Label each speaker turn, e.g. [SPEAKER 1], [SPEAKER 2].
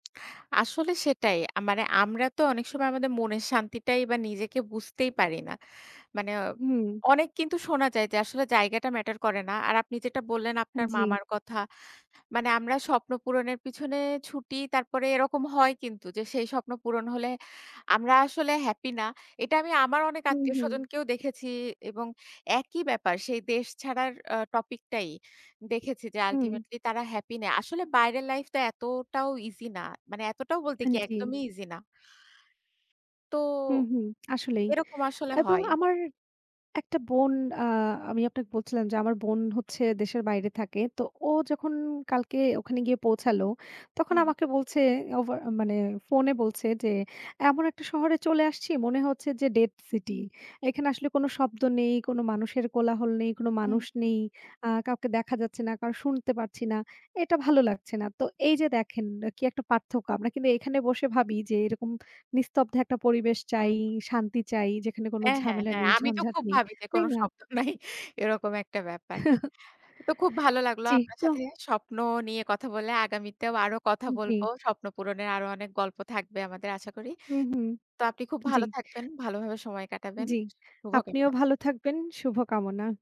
[SPEAKER 1] আসলে সেটাই। আ মানে আমরা তো অনেক সময় আমাদের মনের শান্তিটাই বা নিজেকে বুঝতেই পারি না। মানে
[SPEAKER 2] হুম।
[SPEAKER 1] অনেক কিন্তু শোনা যায় যে, আসলে জায়গাটা ম্যাটার করে না। আর আপনি যেটা বললেন আপনার
[SPEAKER 2] জ্বি।
[SPEAKER 1] মামার কথা, মানে আমরা স্বপ্ন পূরণের পিছনে ছুটি, তারপরে এরকম হয় কিন্তু যে, সেই স্বপ্ন পূরণ হলে আমরা আসলে হ্যাপি না। এটা আমি আমার অনেক
[SPEAKER 2] হুম, হুম।
[SPEAKER 1] আত্মীয়স্বজনকেও দেখেছি এবং একই ব্যাপার, সেই দেশ ছাড়ার আ টপিক টাই দেখেছি যে,
[SPEAKER 2] হুম।
[SPEAKER 1] আল্টিমেটলি তারা হ্যাপি না। আসলে বাইরের লাইফটা এতটাও ইজি না। মানে এতটাও বলতে কি?
[SPEAKER 2] জ্বি।
[SPEAKER 1] একদমই ইজি না। তো,
[SPEAKER 2] হুম, হুম। আসলেই।
[SPEAKER 1] এরকম আসলে
[SPEAKER 2] এবং
[SPEAKER 1] হয়।
[SPEAKER 2] আমার একটা বোন আ আমি আপনাকে বলছিলাম যে, আমার বোন হচ্ছে দেশের বাইরে থাকে। তো ও যখন কালকে ওখানে গিয়ে পৌঁছালো, তখন
[SPEAKER 1] হু।
[SPEAKER 2] আমাকে বলছে, ওভার মানে ফোনে বলছে যে, এমন একটা শহরে চলে আসছি, মনে হচ্ছে যে ডেড সিটি। এখানে আসলে কোন শব্দ নেই। কোন মানুষের কোলাহল নেই, কোন
[SPEAKER 1] হুম,
[SPEAKER 2] মানুষ
[SPEAKER 1] হু।
[SPEAKER 2] নেই। আ কাউকে দেখা যাচ্ছে না, কারও শুনতে পারছি না। এটা ভালো লাগছে না। তো এই যে দেখেন, কি একটা পার্থক্য? আমরা কিন্তু এখানে বসে ভাবি যে, এরকম নিস্তব্ধ একটা পরিবেশ চাই,
[SPEAKER 1] হুম।
[SPEAKER 2] শান্তি চাই, যেখানে কোনো
[SPEAKER 1] হ্যাঁ, হ্যাঁ,
[SPEAKER 2] ঝামেলা
[SPEAKER 1] হ্যাঁ।
[SPEAKER 2] নেই,
[SPEAKER 1] আমি তো
[SPEAKER 2] ঝঞ্ঝাট
[SPEAKER 1] খুব
[SPEAKER 2] নেই।
[SPEAKER 1] ভাবি যে কোন
[SPEAKER 2] তাই না?
[SPEAKER 1] শব্দ নাই। এরকম একটা ব্যাপার। তো খুব ভালো লাগলো
[SPEAKER 2] জি
[SPEAKER 1] আপনার সাথে
[SPEAKER 2] ক
[SPEAKER 1] স্বপ্ন নিয়ে কথা বলে। আগামীতেও আরো কথা
[SPEAKER 2] জ্বী।
[SPEAKER 1] বলব। স্বপ্ন পূরণের আরো অনেক গল্প থাকবে আমাদের আশা করি।
[SPEAKER 2] হু, হু,
[SPEAKER 1] তো আপনি খুব
[SPEAKER 2] জ্বি।
[SPEAKER 1] ভালো থাকবেন, ভালোভাবে সময় কাটাবেন।
[SPEAKER 2] জ্বি।
[SPEAKER 1] শুভ
[SPEAKER 2] আপনিও
[SPEAKER 1] কামনা।
[SPEAKER 2] ভালো থাকবেন, শুভকামনা।